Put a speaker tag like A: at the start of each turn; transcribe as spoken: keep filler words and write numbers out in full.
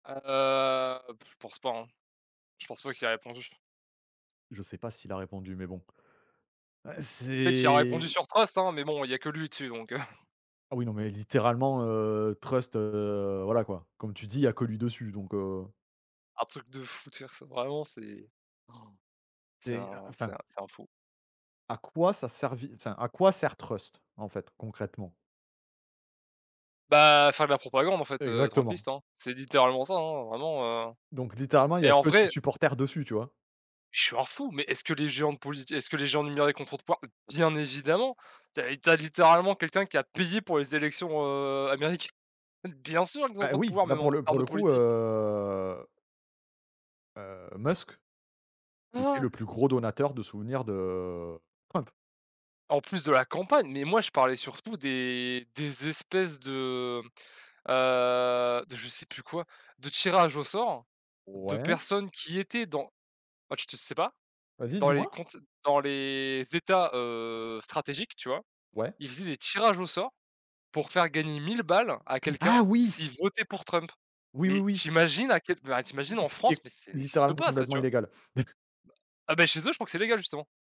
A: Ah, heu, pff je pense pas, hein. Je pense pas qu'il a répondu.
B: Je sais pas s'il a répondu mais bon, heu,
A: En fait il a répondu
B: c'est
A: sur Trust, hein, mais bon, il y a que lui dessus donc, heu
B: Ah oui non mais littéralement, heu, Trust, heu, voilà quoi. Comme tu dis il y a que lui dessus donc, heu
A: Un truc de fou de faire ça. Vraiment c'est han, c'est
B: Et heu,
A: un c'est
B: enfin.
A: un c'est un fou.
B: À quoi ça a servi, enfin, à quoi sert Trust? En fait, concrètement?
A: Bah, faire de la propagande en fait, heu,
B: Exactement.
A: Trumpiste, hein. C'est littéralement ça, hein, vraiment, heu
B: Donc littéralement il y
A: et
B: a
A: en
B: que ses
A: vrai
B: supporters dessus, tu vois?
A: je suis un fou, mais est-ce que les géants de polit est-ce que les géants numériques ont trop de poids? Bien évidemment. Tu as tu as littéralement quelqu'un qui a payé pour les élections, heu, américaines. Bien sûr qu'ils ont
B: Bah,
A: trop de
B: oui,
A: pouvoir,
B: là
A: même
B: pour
A: en
B: le
A: termes
B: pour
A: de
B: le coup,
A: politique.
B: heu heu, Musk, qui était
A: Ouais.
B: le plus gros donateur de souvenirs de, heu, Trump.
A: En plus de la campagne. Mais moi je parlais surtout des des espèces de, heu, de je sais plus quoi, de tirage au sort de
B: Ouais?
A: personnes qui étaient dans ah tu te sais pas?
B: Vas-y,
A: Dans les
B: dis-moi?
A: comptes dans les états, heu, stratégiques, tu vois?
B: Ouais.
A: Ils faisaient des tirages au sort pour faire gagner mille balles à
B: Ah
A: quelqu'un
B: oui!
A: s'il votait pour Trump.
B: Oui, oui,
A: Mais
B: oui.
A: tu imagines à quel ben, tu imagines en
B: Ce qui
A: France?
B: est
A: Mais ça n'existe
B: littéralement
A: pas ça,
B: complètement
A: tu vois?
B: illégal.
A: Bah ah, bah, chez eux je crois que c'est légal justement.